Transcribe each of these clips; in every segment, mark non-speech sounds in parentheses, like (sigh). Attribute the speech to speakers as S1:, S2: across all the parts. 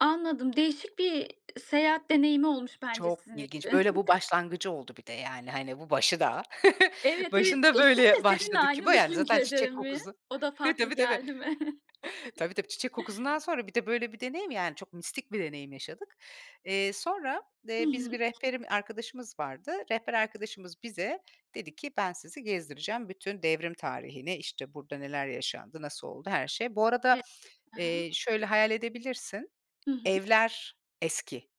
S1: Anladım, değişik bir seyahat deneyimi olmuş bence
S2: Çok
S1: sizin için.
S2: ilginç. Böyle bu başlangıcı oldu bir de
S1: (chuckles)
S2: yani, hani, bu başı daha. (chuckles)
S1: Evet, evet,
S2: Başında
S1: eşin
S2: böyle
S1: de seninle
S2: başladı
S1: aynı
S2: Küba, yani, zaten
S1: düşüncede
S2: çiçek
S1: mi?
S2: kokusu.
S1: O da farklı
S2: Tabii tabii.
S1: geldi mi?
S2: (chuckles)
S1: (chuckles)
S2: Tabii tabii, çiçek kokusundan sonra bir de böyle bir deneyim, yani çok mistik bir deneyim yaşadık. Eee, sonra,
S1: Hı
S2: eee, biz bir
S1: hı.
S2: rehberim arkadaşımız vardı. Rehber arkadaşımız bize dedi ki: "Ben sizi gezdireceğim. Bütün devrim tarihini işte burada neler yaşandı, nasıl oldu, her şey." Bu
S1: E
S2: arada,
S1: ha
S2: eee,
S1: ha.
S2: şöyle hayal edebilirsin;
S1: Hı hı.
S2: evler eski.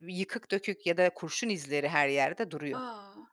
S2: Yıkık dökük ya da kurşun izleri her yerde duruyor.
S1: A!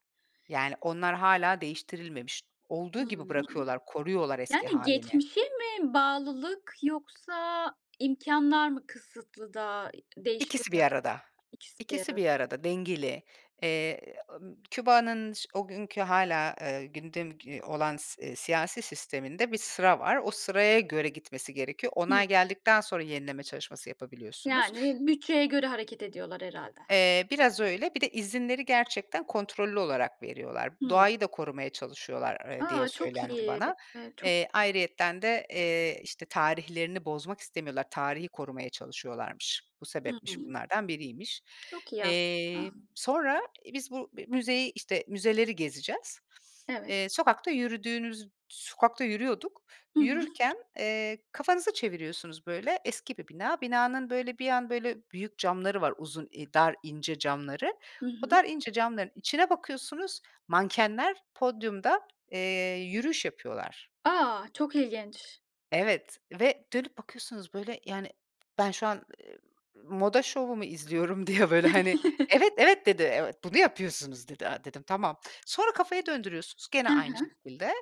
S2: Yani, onlar hâlâ değiştirilmemiş. Olduğu gibi
S1: Hımm.
S2: bırakıyorlar, koruyorlar eski
S1: Yani
S2: hâlini.
S1: geçmişe mi bağlılık yoksa imkânlar mı kısıtlı da, eee,
S2: İkisi bir
S1: değiştirmiyor?
S2: arada.
S1: İkisi bir
S2: İkisi
S1: arad
S2: bir arada, dengeli. Eee, ımm, Küba'nın ş o günkü hâlâ, eee, gündem ge olan, s eee, siyasi sisteminde bir sıra var. O sıraya göre gitmesi gerekiyor.
S1: Hımm.
S2: Onay geldikten sonra yenileme çalışması yapabiliyorsunuz.
S1: Yani bütçeye göre hareket ediyorlar herhâlde.
S2: Eee, biraz öyle. Bir de izinleri gerçekten kontrollü olarak veriyorlar.
S1: Hımm.
S2: Doğayı da korumaya çalışıyorlar, ııı, diye
S1: A! Çok
S2: söylendi
S1: iyi.
S2: bana.
S1: Eee, çok
S2: Eee, ayrıyeten de, eee, işte, tarihlerini bozmak istemiyorlar. Tarihi korumaya çalışıyorlarmış. Bu
S1: Hı hı.
S2: sebepmiş, bunlardan biriymiş.
S1: Çok iyi
S2: Eee,
S1: aslında.
S2: sonra, eee, biz bu bi müzeyi, işte, müzeleri gezeceğiz.
S1: Evet.
S2: Eee, sokakta yürüdüğünüz sokakta yürüyorduk.
S1: Hı hı.
S2: Yürürken, eee, kafanızı çeviriyorsunuz böyle, eski bir bina. Binanın böyle bir an böyle büyük camları var, uzun, i dar, ince camları.
S1: Hı
S2: O
S1: hı.
S2: dar, ince camların içine bakıyorsunuz, mankenler podyumda, eee, yürüyüş yapıyorlar.
S1: A! Çok ilginç.
S2: Evet, ve dönüp bakıyorsunuz böyle yani ben şu an, eee, moda şovumu izliyorum diye böyle hani, "Evet, evet."
S1: (chuckles)
S2: dedi. "Evet, bunu yapıyorsunuz." dedi. A, dedim: "Tamam." Sonra kafayı döndürüyorsunuz gene
S1: Ha
S2: aynı
S1: ha.
S2: şekilde,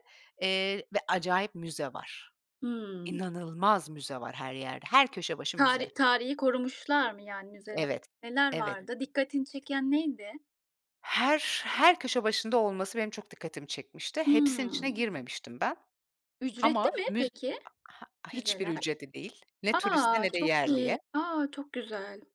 S2: eee, ve acayip müze var.
S1: Hımm.
S2: İnanılmaz müze var her yerde, her köşe başı müze.
S1: Tari tarihi korumuşlar mı yani müzele
S2: Evet,
S1: neler
S2: evet.
S1: vardı? Dikkatini çeken neydi?
S2: Her, her köşe başında olması benim çok dikkatimi çekmişti. Hepsinin içine
S1: Hımm.
S2: girmemiştim ben.
S1: Ücretli
S2: Ama
S1: mi
S2: müz
S1: peki
S2: ha ha hiçbir
S1: müzeler?
S2: ücreti değil. Ne turiste
S1: A!
S2: ne de
S1: Çok iyi.
S2: yerliye.
S1: A! Çok güzel.